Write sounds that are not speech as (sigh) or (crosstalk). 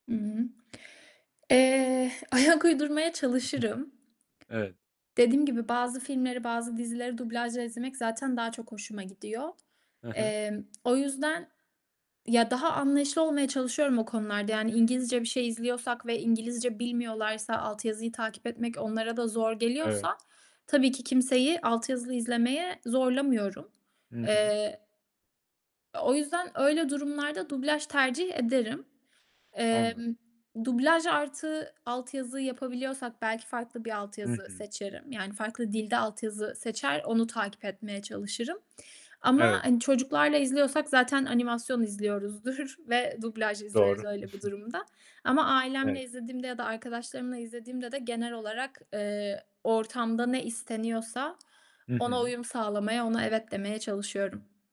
I hı. Eee, ayak uydurmaya (unintelligible) çalışırım. Evet. Dediğim gibi, bazı filmleri, bazı dizileri dublajla izlemek zaten daha çok hoşuma gidiyor. He he. Emm, o yüzden ya, daha anlayışlı olmaya çalışıyorum o konularda. Yani İngilizce bir şey izliyorsak ve İngilizce bilmiyorlarsa, alt yazıyı takip etmek onlara da zor Evet. geliyorsa tabii ki kimseyi altyazılı izlemeye zorlamıyorum. Hı hı. Eee, o yüzden öyle durumlarda dublaj tercih ederim. Anladım. Emm, dublaj artı altyazı yapabiliyorsak belki farklı bir Hı altyazı hı. seçerim. Yani farklı dilde altyazı seçer, onu takip etmeye çalışırım ama, Evet. hani, çocuklarla izliyorsak zaten animasyon izliyoruzdur ve dublaj izleriz Doğru. öyle bir (chuckles) durumda ama ailemle Evet. izlediğimde ya da arkadaşlarımla izlediğimde de genel olarak, eee, ortamda ne isteniyorsa Hı ona hı. uyum sağlamaya, ona "evet" demeye çalışıyorum.